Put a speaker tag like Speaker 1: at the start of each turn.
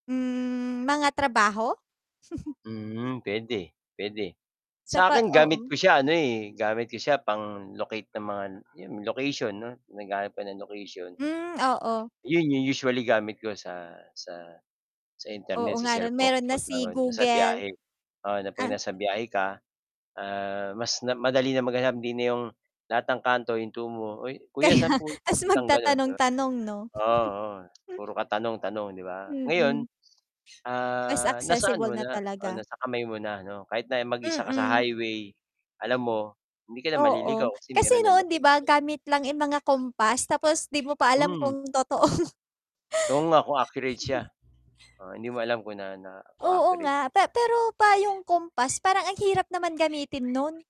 Speaker 1: Hmm, mga trabaho?
Speaker 2: Hmm, puwede, puwede
Speaker 1: Sa
Speaker 2: sa
Speaker 1: 'pag
Speaker 2: akin gamit
Speaker 1: oo.
Speaker 2: ko siya ano, eh, gamit ko siya, pang-locate ng mga 'yun location 'no, 'pag naghahanap ka ng location.
Speaker 1: Hmm, oo.
Speaker 2: 'Yun 'yung usually gamit ko sa, sa, sa
Speaker 1: Oo
Speaker 2: internet sa
Speaker 1: nga 'no,
Speaker 2: cellphone
Speaker 1: meron na
Speaker 2: kapagka
Speaker 1: si
Speaker 2: nasa
Speaker 1: Google.
Speaker 2: biyahe. Oo, na 'pag
Speaker 1: Ah
Speaker 2: nasa biyahe ka, ah, mas madali na maghanap din na 'yong, lahat ng kanto hihintuan mo, "'Uy, kuya
Speaker 1: Kaya,
Speaker 2: saan po yung
Speaker 1: ta's
Speaker 2: papuntang gano'n?" Di ba?
Speaker 1: magtatanong-tanong, 'no?
Speaker 2: Oo, oo. Puro ka tanong tanong 'di ba? Ngayon,
Speaker 1: Mhm. Mas
Speaker 2: ah, nasa
Speaker 1: accessible
Speaker 2: ano mo
Speaker 1: na
Speaker 2: na, oo,
Speaker 1: talaga.
Speaker 2: nasa kamay mo 'no, kahit na mag-isa ka sa
Speaker 1: Mm.
Speaker 2: highway, alam mo, hindi ka na
Speaker 1: Oo,
Speaker 2: maliligaw kasi
Speaker 1: kasi
Speaker 2: meron ng
Speaker 1: noon 'di ba
Speaker 2: location.
Speaker 1: gamit lang, eh, mga compass tapos 'di mo pa alam
Speaker 2: Mm.
Speaker 1: kung totoo
Speaker 2: Oo nga, kung accurate siya, oh, hindi mo alam kung na na kung
Speaker 1: Oo
Speaker 2: accurate
Speaker 1: nga,
Speaker 2: siya.
Speaker 1: pa pero pa yung compass parang ang hirap naman gamitin 'no'n.